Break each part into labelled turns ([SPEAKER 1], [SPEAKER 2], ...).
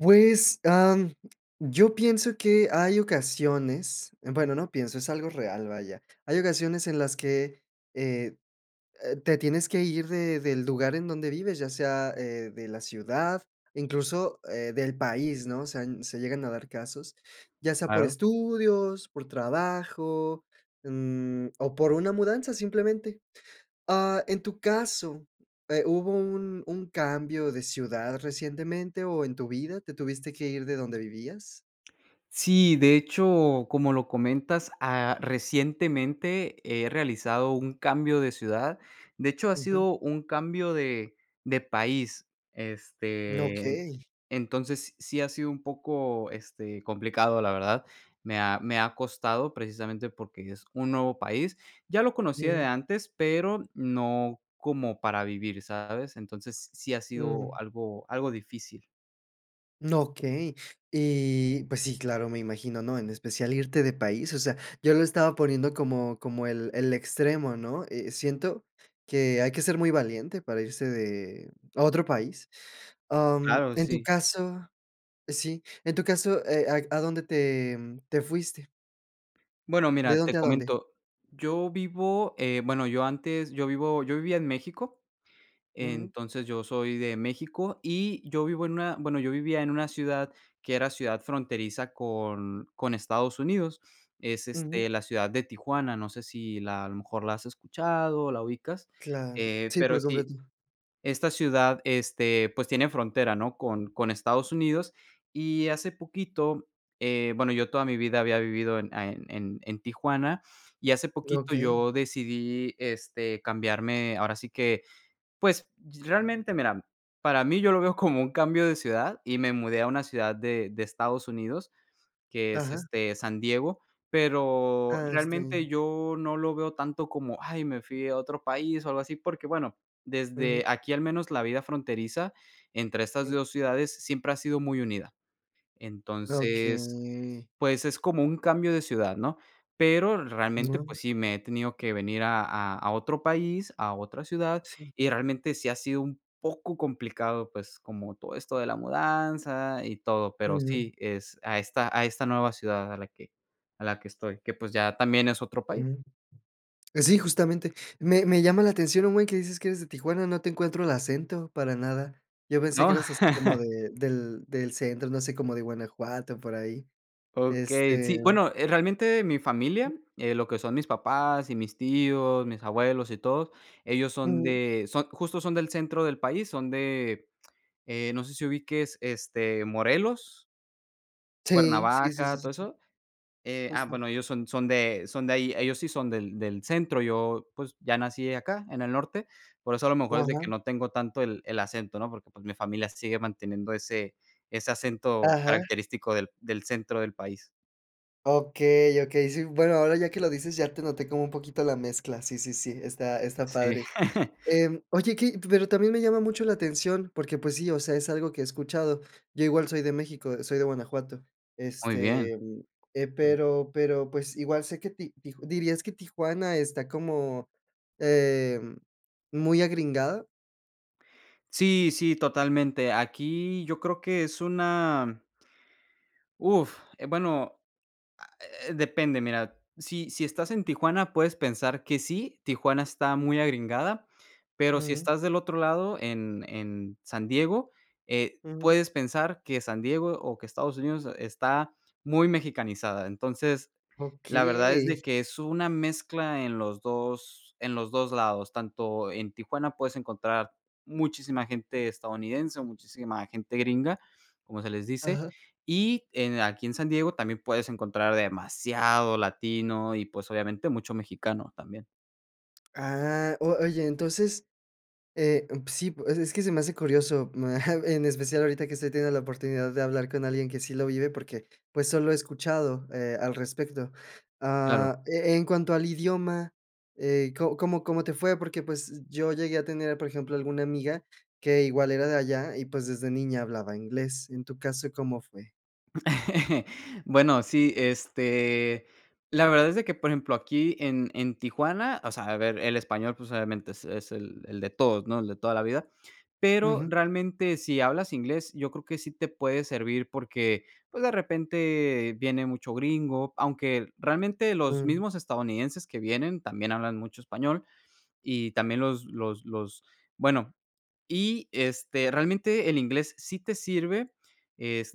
[SPEAKER 1] Pues, am, yo pienso que hay ocasiones, bueno, no pienso, es algo real, vaya. Hay ocasiones en las que eh eh te tienes que ir de del lugar en donde vives, ya sea, eh, de la ciudad, incluso, eh, del país, ¿no? O sea, n se llegan a dar casos, ya sea por
[SPEAKER 2] [unintelligible]
[SPEAKER 1] estudios, por trabajo, mm, o por una mudanza, simplemente. Ah en tu caso, eh, ¿hubo un un cambio de ciudad recientemente o en tu vida te tuviste que ir de donde vivías?
[SPEAKER 2] Sí, de hecho, como lo comentas, ah, recientemente he realizado un cambio de ciudad. De hecho, ha
[SPEAKER 1] Ujú.
[SPEAKER 2] sido un cambio de de país, este,
[SPEAKER 1] Okey.
[SPEAKER 2] entonces sí ha sido un poco, este, complicado, la verdad. Me ha me ha costado precisamente porque es un nuevo país. Ya lo conocía de
[SPEAKER 1] Ujú.
[SPEAKER 2] antes, pero no como para vivir, ¿sabes? Entonces, sí ha sido
[SPEAKER 1] Mm.
[SPEAKER 2] algo algo difícil.
[SPEAKER 1] No, okey. Eh, pues, sí, claro, me imagino, ¿no? En especial irte de país, o sea, yo lo estaba poniendo como como el el extremo, ¿no? Eh, siento que hay que ser muy valiente para irse de a otro país. Mm,
[SPEAKER 2] Claro,
[SPEAKER 1] en tu
[SPEAKER 2] sí.
[SPEAKER 1] caso, sí, en tu caso, ¿Eh, a a dónde te te fuiste?
[SPEAKER 2] Bueno,
[SPEAKER 1] ¿De
[SPEAKER 2] mira, te
[SPEAKER 1] dónde a dónde?
[SPEAKER 2] comento. Yo vivo, eh, bueno, yo antes yo vivo yo vivía en México.
[SPEAKER 1] Ujú.
[SPEAKER 2] Entonces, yo soy de México y yo vivo en una, bueno, yo vivía en una ciudad que era ciudad fronteriza con con Estados Unidos. Es,
[SPEAKER 1] Ujú.
[SPEAKER 2] este, la ciudad de Tijuana. No sé si la a lo mejor la has escuchado o la ubicas.
[SPEAKER 1] Claro,
[SPEAKER 2] Eh,
[SPEAKER 1] sí,
[SPEAKER 2] pero
[SPEAKER 1] por
[SPEAKER 2] sí,
[SPEAKER 1] completo.
[SPEAKER 2] esta ciudad, este, pues tiene frontera, ¿no? Con con Estados Unidos y hace poquito, eh, bueno, yo toda mi vida había vivido en en en Tijuana y hace poquito
[SPEAKER 1] Okey.
[SPEAKER 2] yo decidí, este, cambiarme, ahora sí que, pues, realmente mira para mí yo lo veo como un cambio de ciudad. Y me mudé a una ciudad de de Estados Unidos, que es,
[SPEAKER 1] Ajá.
[SPEAKER 2] este, San Diego, pero,
[SPEAKER 1] Ah, está
[SPEAKER 2] realmente
[SPEAKER 1] bien.
[SPEAKER 2] yo no lo veo tanto como, ay, me fui a otro país o algo así, porque bueno,
[SPEAKER 1] Ujú.
[SPEAKER 2] desde aquí al menos la vida fronteriza entre estas
[SPEAKER 1] Sí.
[SPEAKER 2] 2 ciudades siempre ha sido muy unida. Entonces,
[SPEAKER 1] Okey.
[SPEAKER 2] pues es como un cambio de ciudad, ¿no? Pero realmente,
[SPEAKER 1] Mm.
[SPEAKER 2] pues sí, me he tenido que venir a a otro país, a otra ciudad
[SPEAKER 1] Sí.
[SPEAKER 2] y realmente sí ha sido un poco complicado, pues como todo esto de la mudanza y todo. Pero
[SPEAKER 1] Ujú.
[SPEAKER 2] sí, es a esta a esta nueva ciudad a la que a la que estoy, que pues ya también es otro país.
[SPEAKER 1] Mm. Sí, justamente. Me me llama la atención un buen, que dices que eres de Tijuana, no te encuentro el acento para nada. Yo pensé
[SPEAKER 2] ¿No?
[SPEAKER 1] que eras así como de del del centro, no sé, como de Guanajuato, por ahí.
[SPEAKER 2] Okey,
[SPEAKER 1] Este.
[SPEAKER 2] sí, bueno, eh, realmente mi familia, eh, lo que son mis papás y mis tíos, mis abuelos y todo, ellos son
[SPEAKER 1] Ujú.
[SPEAKER 2] de son, justo, son del centro del país, son de, eh, no sé si ubiques, este, Morelos.
[SPEAKER 1] Sí, sí, sí, sí,
[SPEAKER 2] Cuernavaca,
[SPEAKER 1] sí,
[SPEAKER 2] todo
[SPEAKER 1] sí.
[SPEAKER 2] eso. Ah,
[SPEAKER 1] Justo.
[SPEAKER 2] bueno, ellos son son de son de ahí, ellos sí son del del centro. Yo, pues ya nací acá en el norte. Por eso a lo mejor es de que
[SPEAKER 1] Ajá.
[SPEAKER 2] no tengo tanto el el acento, ¿no? Porque, pues mi familia sigue manteniendo ese ese acento
[SPEAKER 1] Ajá.
[SPEAKER 2] característico del del centro del país.
[SPEAKER 1] Okey, okey, sí. Bueno, ahora ya que lo dices ya te noté como un poquito la mezcla. Sí, sí, sí. Está está
[SPEAKER 2] Sí.
[SPEAKER 1] padre. Em, oye, que pero también me llama mucho la atención, porque pues sí, o sea, es algo que he escuchado. Yo igual soy de México, soy de Guanajuato.
[SPEAKER 2] Muy bien.
[SPEAKER 1] Este, eh,
[SPEAKER 2] Okey.
[SPEAKER 1] pero pero pues igual sé que ti tij ¿dirías que Tijuana está como, eh, muy agringada?
[SPEAKER 2] Sí, sí, totalmente. Aquí yo creo que es una. Uf, eh, bueno, ah, eh depende. Mira, sí, si estás en Tijuana, puedes pensar que sí, Tijuana está muy agringada, pero si
[SPEAKER 1] Ujú.
[SPEAKER 2] estás del otro lado en en San Diego, eh,
[SPEAKER 1] Ujú.
[SPEAKER 2] puedes pensar que San Diego o que Estados Unidos está muy mexicanizada. Entonces, la verdad es de
[SPEAKER 1] Okey.
[SPEAKER 2] que es una mezcla en los 2 en los 2 lados. Tanto en Tijuana puedes encontrar muchísima gente estadounidense o muchísima gente gringa, como se les dice.
[SPEAKER 1] Ajá.
[SPEAKER 2] Y en aquí en San Diego también puedes encontrar demasiado latino y, pues, obviamente, mucho mexicano también.
[SPEAKER 1] Ah, o oye, entonces, eh, p sí, o sea, es que se me hace curioso. En especial ahorita que estoy teniendo la oportunidad de hablar con alguien que sí lo vive porque, pues, solo he escuchado, eh, al respecto.
[SPEAKER 2] Claro.
[SPEAKER 1] Ah, e en cuanto al idioma, eh, ¿co cómo cómo te fue? Porque, pues, yo llegué a tener, por ejemplo, alguna amiga que igual era de allá y, pues, desde niña hablaba inglés. En tu caso, ¿cómo fue?
[SPEAKER 2] Bueno, sí, este, la verdad es de que, por ejemplo, aquí en en Tijuana, o sea, a ver, el español, pues, obviamente es es el el de todos, ¿no? El de toda la vida, pero
[SPEAKER 1] Ujú.
[SPEAKER 2] realmente, si hablas inglés, yo creo que sí te puede servir porque, pues, de repente viene mucho gringo. Aunque realmente los
[SPEAKER 1] Mm.
[SPEAKER 2] mismos estadounidenses que vienen también hablan mucho español y también los los los Bueno, y este, realmente el inglés sí te sirve,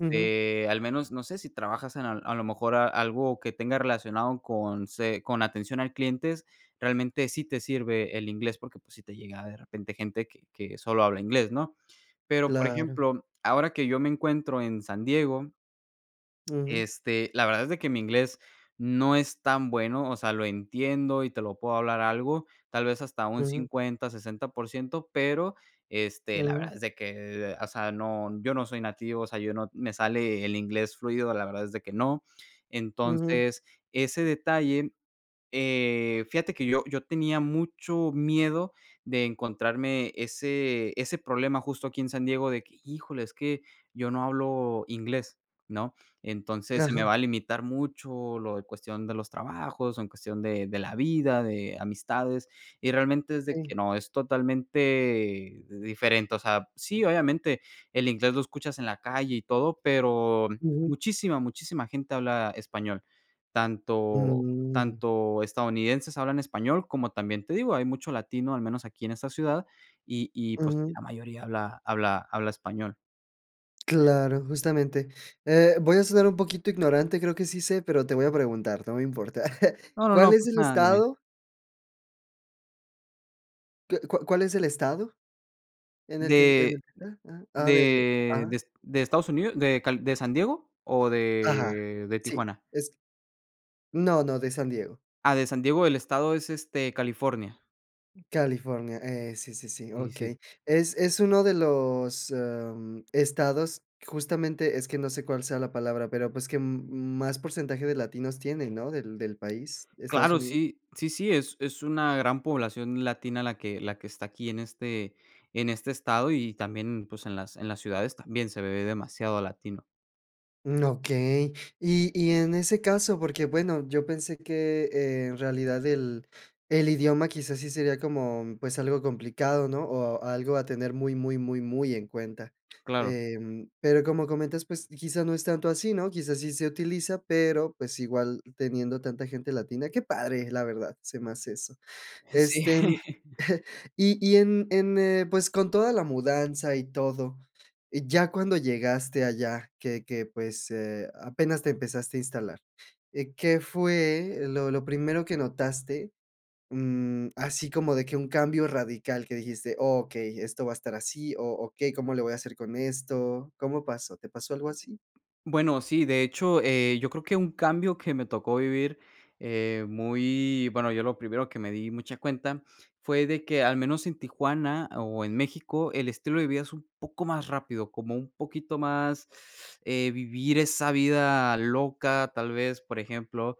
[SPEAKER 1] Ujú.
[SPEAKER 2] al menos, no sé, si trabajas en al a lo mejor a algo que tenga relacionado con se con atención al clientes, realmente sí te sirve el inglés, porque pues sí te llega de repente gente que que solo habla inglés, ¿no? Pero, por
[SPEAKER 1] Claro.
[SPEAKER 2] ejemplo, ahora que yo me encuentro en San Diego
[SPEAKER 1] Ujú.
[SPEAKER 2] este, la verdad es de que mi inglés no es tan bueno, o sea, lo entiendo y te lo puedo hablar algo, tal vez hasta un
[SPEAKER 1] Ujú.
[SPEAKER 2] 50, 60 por ciento, pero, este, la
[SPEAKER 1] Ujú.
[SPEAKER 2] verdad es de que, o sea, no, yo no soy nativo, o sea, yo no, me sale el inglés fluido, la verdad es de que no.
[SPEAKER 1] Ujú.
[SPEAKER 2] Entonces, ese detalle, eh, fíjate que yo yo tenía mucho miedo de encontrarme ese ese problema justo aquí en San Diego de que híjole, es que yo no hablo inglés, ¿no? Entonces, se me
[SPEAKER 1] Ajá.
[SPEAKER 2] va a limitar mucho lo de cuestión de los trabajos, en cuestión de de la vida, de amistades, y realmente es de
[SPEAKER 1] Sí.
[SPEAKER 2] que no, es totalmente diferente. O sea, sí, obviamente el inglés lo escuchas en la calle y todo, pero
[SPEAKER 1] Ujú.
[SPEAKER 2] muchísima, muchísima gente habla español. Tanto
[SPEAKER 1] Mm.
[SPEAKER 2] tanto estadounidenses hablan español como también te digo, hay mucho latino, al menos aquí en esta ciudad, y y, pues,
[SPEAKER 1] Ujú.
[SPEAKER 2] la mayoría habla habla habla español.
[SPEAKER 1] Claro, justamente. Eh, voy a sonar un poquito ignorante, creo que sí sé, pero te voy a preguntar, no me importa.
[SPEAKER 2] No, no,
[SPEAKER 1] ¿Cuál
[SPEAKER 2] no,
[SPEAKER 1] es
[SPEAKER 2] pues
[SPEAKER 1] el
[SPEAKER 2] nada, dime.
[SPEAKER 1] estado que cu cuál es el estado en el que en
[SPEAKER 2] ¿De
[SPEAKER 1] el que está? Ah ah de,
[SPEAKER 2] de de
[SPEAKER 1] ajá.
[SPEAKER 2] Est de Estados Unidos, de Cal de San Diego o
[SPEAKER 1] Ajá,
[SPEAKER 2] de de
[SPEAKER 1] sí,
[SPEAKER 2] Tijuana?
[SPEAKER 1] es no, no, de San Diego.
[SPEAKER 2] Ah, de San Diego, el estado es, este, California.
[SPEAKER 1] California. Eh, sí, sí, sí,
[SPEAKER 2] Y sí.
[SPEAKER 1] okey. Es es uno de los, em, estados, justamente, es que no sé cuál sea la palabra, pero, pues, que m más porcentaje de latinos tienen, ¿no?, del del país, Estados
[SPEAKER 2] Claro,
[SPEAKER 1] Unidos.
[SPEAKER 2] sí, sí, sí, es es una gran población latina la que la que está aquí en este en este estado y también, pues, en las en las ciudades también se ve demasiado latino.
[SPEAKER 1] Mm, okey. Y y en ese caso, porque, bueno, yo pensé que, eh, en realidad el el idioma quizás sí sería como, pues, algo complicado, ¿no? O algo a tener muy, muy, muy, muy en cuenta.
[SPEAKER 2] Claro.
[SPEAKER 1] Em, pero, como comentas, pues, quizá no es tanto así, ¿no? Quizás sí se utiliza, pero, pues, igual teniendo tanta gente latina, ¡qué padre!, la verdad, se me hace eso.
[SPEAKER 2] Sí.
[SPEAKER 1] Este, y y en en, eh, pues, con toda la mudanza y todo, y ya cuando llegaste allá que que pues, eh, apenas te empezaste a instalar. Eh, ¿qué fue lo lo primero que notaste? Mm, así como de que un cambio radical que dijiste: "Okey esto va a estar así o okey cómo le voy a hacer con esto". ¿Cómo pasó? ¿Te pasó algo así?
[SPEAKER 2] Bueno, sí, de hecho, eh, yo creo que un cambio que me tocó vivir, eh, muy bueno, yo lo primero que me di mucha cuenta fue de que al menos en Tijuana o en México el estilo de vida es un poco más rápido, como un poquito más, eh, vivir esa vida loca, tal vez, por ejemplo.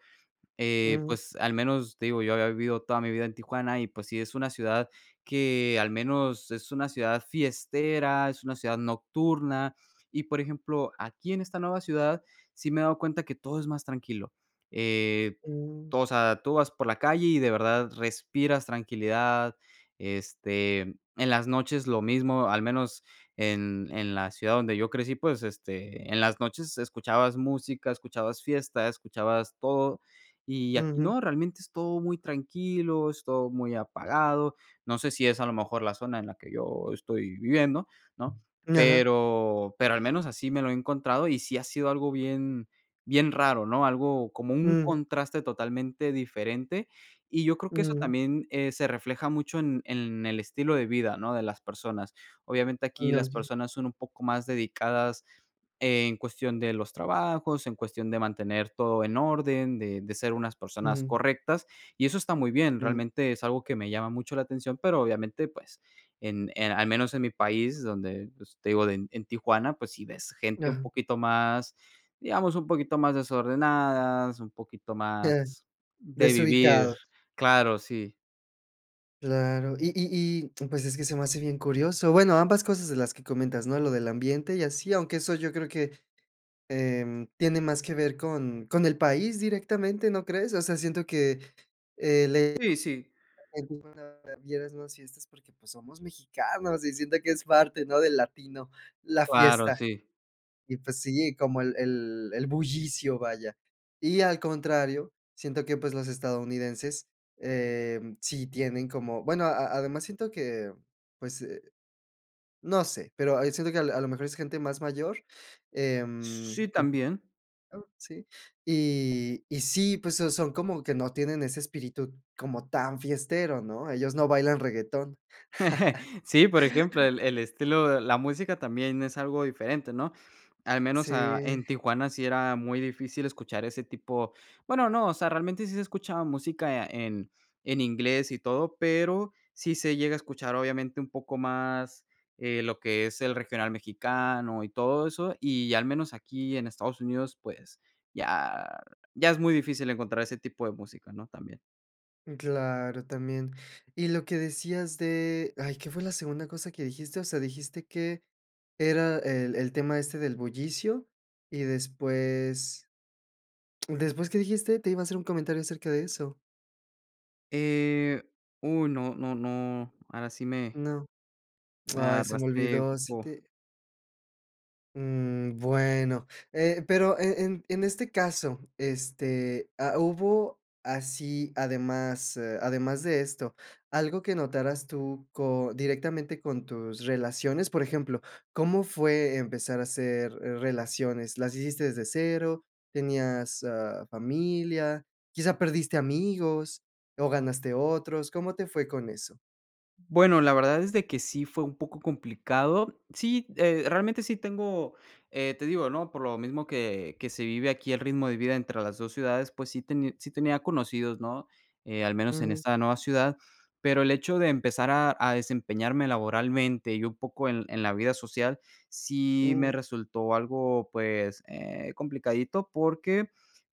[SPEAKER 2] Eh,
[SPEAKER 1] Mm.
[SPEAKER 2] pues al menos, te digo, yo había vivido toda mi vida en Tijuana y, pues sí, es una ciudad que al menos es una ciudad fiestera, es una ciudad nocturna. Y, por ejemplo, aquí en esta nueva ciudad, sí me he dado cuenta que todo es más tranquilo. Eh,
[SPEAKER 1] Mm.
[SPEAKER 2] tú, o sea, tú vas por la calle y de verdad respiras tranquilidad, este, en las noches lo mismo, al menos en en la ciudad donde yo crecí, pues, este, en las noches escuchabas música, escuchabas fiesta, escuchabas todo y aquí
[SPEAKER 1] Ujú.
[SPEAKER 2] no, realmente es todo muy tranquilo, es todo muy apagado. No sé si es a lo mejor la zona en la que yo estoy viviendo, ¿no?
[SPEAKER 1] Ajá.
[SPEAKER 2] Pero, pero al menos así me lo he encontrado y sí ha sido algo bien bien raro, ¿no? Algo como un
[SPEAKER 1] Ujú.
[SPEAKER 2] contraste totalmente diferente. Y yo creo que eso
[SPEAKER 1] Mm.
[SPEAKER 2] también, eh, se refleja mucho en en el estilo de vida, ¿no?, de las personas. Obviamente aquí
[SPEAKER 1] No,
[SPEAKER 2] las
[SPEAKER 1] sí.
[SPEAKER 2] personas son un poco más dedicadas en cuestión de los trabajos, en cuestión de mantener todo en orden, de de ser unas personas
[SPEAKER 1] Ujú.
[SPEAKER 2] correctas y eso está muy bien.
[SPEAKER 1] Mm.
[SPEAKER 2] Realmente es algo que me llama mucho la atención, pero obviamente, pues en, eh, al menos en mi país donde, pues te digo de en Tijuana, pues si ves gente un
[SPEAKER 1] Ajá.
[SPEAKER 2] poquito más digamos, un poquito más desordenadas, un poquito más
[SPEAKER 1] Ajá,
[SPEAKER 2] de vivir.
[SPEAKER 1] desubicado.
[SPEAKER 2] Claro, sí.
[SPEAKER 1] Claro. Y y y, pues, es que se me hace bien curioso. Bueno, ambas cosas de las que comentas, ¿no? Lo del ambiente y así, aunque eso yo creo que, em, tiene más que ver con con el país directamente, ¿no crees? O sea, siento que, eh, el,
[SPEAKER 2] Sí, sí.
[SPEAKER 1] [unintelligible] vieras más fiestas porque, pues, somos mexicanos y siento que es parte, ¿no?, del latino, la
[SPEAKER 2] Claro,
[SPEAKER 1] fiesta.
[SPEAKER 2] sí.
[SPEAKER 1] Y, pues, sí, como el el el bullicio, vaya. Y al contrario, siento que, pues, los estadounidenses, em, sí tienen como, bueno, a además siento que, pues, eh, no sé, pero a siento que al a lo mejor es gente más mayor,
[SPEAKER 2] S
[SPEAKER 1] em
[SPEAKER 2] sí,
[SPEAKER 1] [unintelligible]
[SPEAKER 2] también.
[SPEAKER 1] ¿sí? Y y sí, pues, so son como que no tienen ese espíritu como tan fiestero, ¿no? Ellos no bailan reguetón.
[SPEAKER 2] Sí, por ejemplo, el el estilo la música también es algo diferente, ¿no? Al menos,
[SPEAKER 1] Sí.
[SPEAKER 2] ah, en Tijuana sí era muy difícil escuchar ese tipo, bueno, no o sea, realmente sí se escuchaba música en en inglés y todo, pero sí se llega a escuchar, obviamente, un poco más, eh, lo que es el regional mexicano y todo eso, y al menos aquí en Estados Unidos, pues ya ya es muy difícil encontrar ese tipo de música, ¿no? También.
[SPEAKER 1] Claro, también. Y lo que decías de, ay, ¿qué fue la segunda cosa que dijiste? O sea, dijiste que era el el tema este del bullicio y después, después, ¿qué dijiste? Te iba a hacer un comentario acerca de eso.
[SPEAKER 2] Eh, uh, no, no, no, ahora sí me
[SPEAKER 1] No.
[SPEAKER 2] me
[SPEAKER 1] Ay, se me
[SPEAKER 2] agarraste,
[SPEAKER 1] olvidó. Sí
[SPEAKER 2] po
[SPEAKER 1] te mm, bueno. Eh, pero e en en este caso, este, ha hubo así, además, eh, además de esto, algo que notarás tú co directamente con tus relaciones. Por ejemplo, ¿cómo fue empezar a hacer relaciones? ¿Las hiciste desde cero? ¿Tenías, ah, familia? ¿Quizá perdiste amigos o ganaste otros? ¿Cómo te fue con eso?
[SPEAKER 2] Bueno, la verdad es de que sí fue un poco complicado. Sí, eh, realmente sí tengo, eh, te digo, ¿no? Por lo mismo que que se vive aquí, el ritmo de vida entre las 2 ciudades, pues sí tení sí tenía conocidos, ¿no? Eh, al menos en
[SPEAKER 1] Ujú.
[SPEAKER 2] esta nueva ciudad, pero el hecho de empezar a a desempeñarme laboralmente y un poco en en la vida social sí
[SPEAKER 1] Uh.
[SPEAKER 2] me resultó algo, pues, eh, complicadito, porque,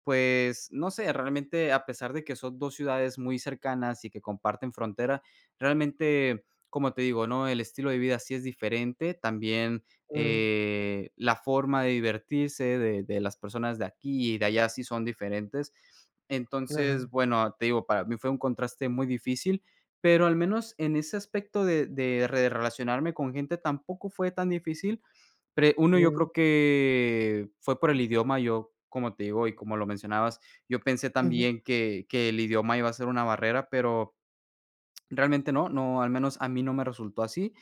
[SPEAKER 2] pues, no sé, realmente, a pesar de que son 2 ciudades muy cercanas y que comparten frontera, realmente, como te digo, ¿no? El estilo de vida sí es diferente, también,
[SPEAKER 1] Ujú.
[SPEAKER 2] eh, la forma de divertirse de de las personas de aquí y de allá sí son diferentes. Entonces,
[SPEAKER 1] Ajá.
[SPEAKER 2] bueno, te digo, para mí fue un contraste muy difícil, pero al menos en ese aspecto de de re relacionarme con gente tampoco fue tan difícil. Pre 1, yo
[SPEAKER 1] Uh.
[SPEAKER 2] creo que fue por el idioma. Yo, como te digo, y como lo mencionabas, yo pensé
[SPEAKER 1] Ujú.
[SPEAKER 2] también que que el idioma iba a ser una barrera, pero realmente no, no, al menos a mí no me resultó así.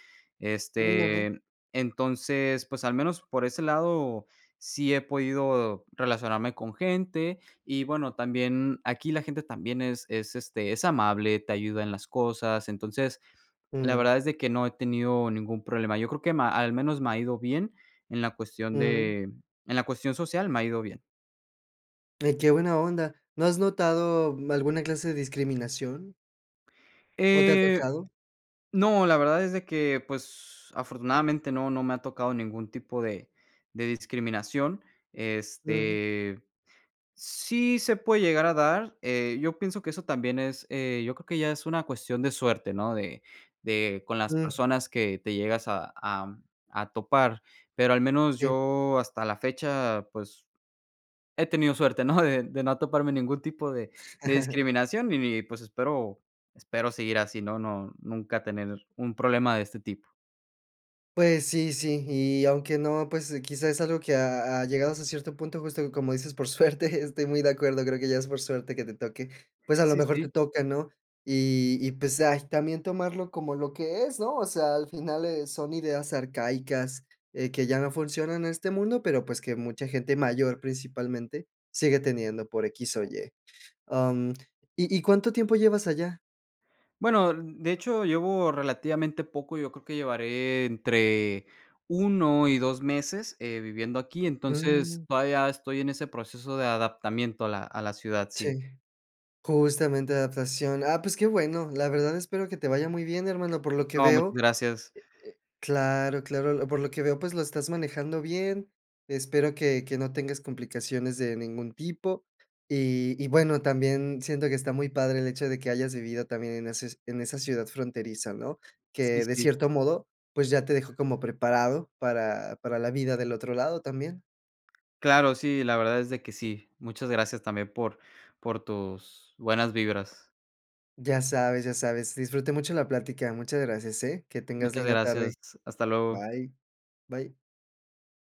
[SPEAKER 1] Mm, ajá.
[SPEAKER 2] Este, entonces, pues al menos por ese lado sí he podido relacionarme con gente y, bueno, también aquí la gente también es es, este, es amable, te ayuda en las cosas. Entonces, la
[SPEAKER 1] Ujú.
[SPEAKER 2] verdad es de que no he tenido ningún problema. Yo creo que ma al menos me ha ido bien en la cuestión
[SPEAKER 1] Ujú.
[SPEAKER 2] de en la cuestión social, me ha ido bien.
[SPEAKER 1] Ay, qué buena onda. ¿No has notado, mm, alguna clase de discriminación? ¿No te ha
[SPEAKER 2] Eh,
[SPEAKER 1] tocado?
[SPEAKER 2] no, la verdad es de que, pues, afortunadamente no, no me ha tocado ningún tipo de de discriminación.
[SPEAKER 1] Ujú.
[SPEAKER 2] Este, sí se puede llegar a dar eh, yo pienso que eso también es eh yo creo que ya es una cuestión de suerte ¿no? De de con las
[SPEAKER 1] Mm.
[SPEAKER 2] personas que te llegas a a a topar, pero al menos
[SPEAKER 1] Sí.
[SPEAKER 2] yo hasta la fecha pues, he tenido suerte ¿no? De de no toparme ningún tipo de de discriminación y ni pues espero, espero seguir así, ¿no? No, nunca tener un problema de este tipo.
[SPEAKER 1] Pues sí, sí. Y aunque no, pues quizá es algo que ha ha, llegado hasta cierto punto justo, como dices, por suerte estoy muy de acuerdo, creo que ya es por suerte que te toque, pues a lo
[SPEAKER 2] Sí,
[SPEAKER 1] mejor te
[SPEAKER 2] sí.
[SPEAKER 1] toca, ¿no? Y y pues ay también tomarlo como lo que es, ¿no? O sea, al final eh, son ideas arcaicas, eh, que ya no funcionan este mundo, pero pues que mucha gente mayor principalmente sigue teniendo por equis o ye. Am, ¿y y cuánto tiempo llevas allá?
[SPEAKER 2] Bueno, n de hecho, llevo relativamente poco, yo creo que llevaré entre 1 y 2 meses, eh, viviendo aquí, entonces
[SPEAKER 1] Mm.
[SPEAKER 2] todavía estoy en ese proceso de adaptación a la a la ciudad, sí.
[SPEAKER 1] Sí. Justamente adaptación. Ah, pues qué bueno. La verdad espero que te vaya muy bien, hermano. Por lo que
[SPEAKER 2] No,
[SPEAKER 1] veo,
[SPEAKER 2] muchas
[SPEAKER 1] eh eh
[SPEAKER 2] gracias.
[SPEAKER 1] claro, claro, lo por lo que veo, pues lo estás manejando bien. Espero que que no tengas complicaciones de ningún tipo. Y y bueno, también siento que está muy padre el hecho de que hayas vivido también en eses en esa ciudad fronteriza, ¿no?
[SPEAKER 2] Sí,
[SPEAKER 1] Que, de
[SPEAKER 2] sí.
[SPEAKER 1] cierto modo, pues ya te dejó como preparado para para la vida del otro lado también.
[SPEAKER 2] Claro, sí, la verdad es de que sí. Muchas gracias también por, por tus, buenas vibras.
[SPEAKER 1] Ya sabes, ya sabes, disfruté mucho la plática. Muchas gracias, ¿eh? Que tengas
[SPEAKER 2] Muchas
[SPEAKER 1] linda
[SPEAKER 2] gracias.
[SPEAKER 1] tarde.
[SPEAKER 2] Hasta luego.
[SPEAKER 1] Bye. Bye.